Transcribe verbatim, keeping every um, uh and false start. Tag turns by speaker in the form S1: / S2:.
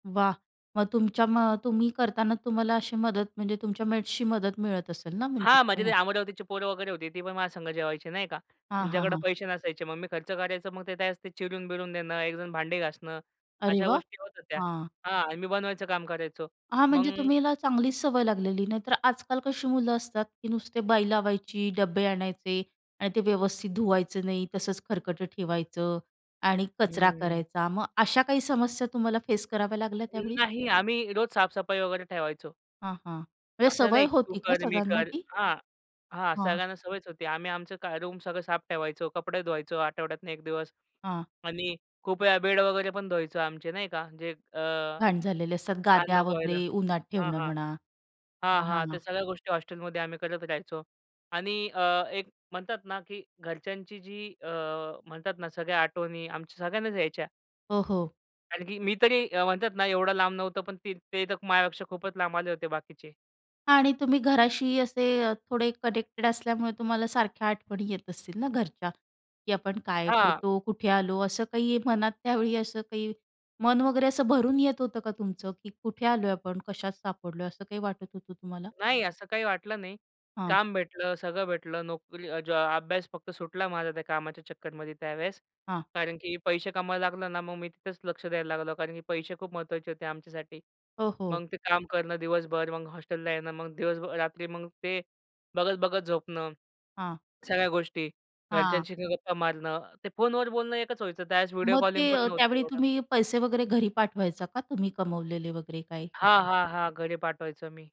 S1: वा! मग तुमच्या मग तुम्ही करताना, तुम्हाला अशी मदत म्हणजे तुमच्या मेट्सची मदत मिळत असेल ना? म्हणजे
S2: हां. म्हणजे ते
S1: हां.
S2: अमरावतीची पोरं वगैरे होती, ती पण माझ्यासंग जेवायची नाही का.
S1: हां, हां.
S2: त्यांच्याकडे
S1: हां.
S2: पैसे नसायचे मग मी खर्च करायचो. मग ते त्यावेळेस चिरून-बिरून देणं, एकजण भांडी घासणं,
S1: अरे
S2: अशा
S1: वा!
S2: गोष्टी होत होत्या.
S1: हां.
S2: हां, मी बनवायचं काम करायचो.
S1: हां. म्हणजे
S2: मग
S1: तुम्हाला चांगलीच सवय लागलेली, नाही तर आजकाल कशी मुलं असतात, की नुसते बाई लावायची, डब्बे आणायचे आणि ते व्यवस्थित धुवायचं नाही. तसंच खरकटं ठेवायचं आणि कचरा
S2: हम्म.
S1: करायचा. मग अशा काही समस्या तुम्हाला फेस कराव्या लागल्या
S2: अं,
S1: त्यावेळी?
S2: नाही. आम्ही रोज साफ-सफाई वगैरे ठेवायचो.
S1: हां, हां. म्हणजे
S2: असं
S1: सवय
S2: नाही, की तू
S1: होती का
S2: कर, मी
S1: सगळ्यांना
S2: कर.
S1: ती?
S2: हां, हां.
S1: हां.
S2: सगळ्यांना सवयच होती. आम्ही आमचं क रूम सगळं साफ ठेवायचो, कपडे धुवायचो आठवड्यातून एक दिवस.
S1: हां.
S2: आणि खूप वेळा बेड वगैरे पण धुवायचं आमचे नाही का, जे अ,
S1: घाण झालेले असतात
S2: घाण
S1: गाद्या
S2: नको व्हायला.
S1: वगैरे उन्हात
S2: हां,
S1: ठेवणं
S2: हां.
S1: म्हणा.
S2: हां,
S1: हां, हां.
S2: हां.
S1: हां.
S2: त्या सगळ्या गोष्टी हॉस्टेलमध्ये आम्ही करत राहायचो आणि अ, एक म्हणतात ना, की घरच्यांची जी अ, म्हणतात ना, सगळ्या आठवणी आमच्या सगळ्यांनाच यायच्या.
S1: हो, हो.
S2: कारण की मी तरी अ, म्हणतात ना, एवढं लांब नव्हतो. पण ते तर माझ्यापेक्षा खूपच लांब आले होते बाकीचे.
S1: आणि तुम्ही घराशी असे अ, थोडे कनेक्टेड असल्यामुळे तुम्हाला सारख्या आठवणी येत असतील ना घरच्या? की आपण काय
S2: हां.
S1: करतो? कुठे आलो? असं काही मनात त्यावेळी असं काही मन वगैरे, असं भरून येत होतं का तुमचं? की कुठे आलोय आपण? कशात सापडलोय? असं काही वाटत होतं तुम्हाला?
S2: नाही, असं काही वाटलं नाही.
S1: हां.
S2: काम भेटलं, सगळं भेटलं. नोकरी ज अभ्यास फक्त सुटला माझा त्या कामाच्या चक्करमध्ये त्यावेळेस.
S1: हां.
S2: कारण की पैसे कमवायला लागलो ना, मग मी तिथेच लक्ष द्यायला लागलो. कारण की पैसे खूप महत्त्वाचे होते आमच्यासाठी.
S1: हो, हो.
S2: मग ते काम करणं दिवसभर, मग हॉस्टेलला येणं, मग दिवसभर रात्री मग ते बघत-बघत झोपणं,
S1: हां.
S2: सगळ्या गोष्टी.
S1: हां.
S2: घरच्यांशी गप्पा मारणं, ते फोनवर बोलणं एकच व्हायचं त्यावेळेस. व्हिडिओ
S1: मग ते
S2: कॉलिंगपण
S1: अ,
S2: नव्हतं
S1: त्यावेळी
S2: एवढं.
S1: तुम्ही पैसे वगैरे घरी पाठवायचा का तुम्ही कमवलेले वगैरे काय?
S2: हां, हां. हां. घरी पाठवायचो मी.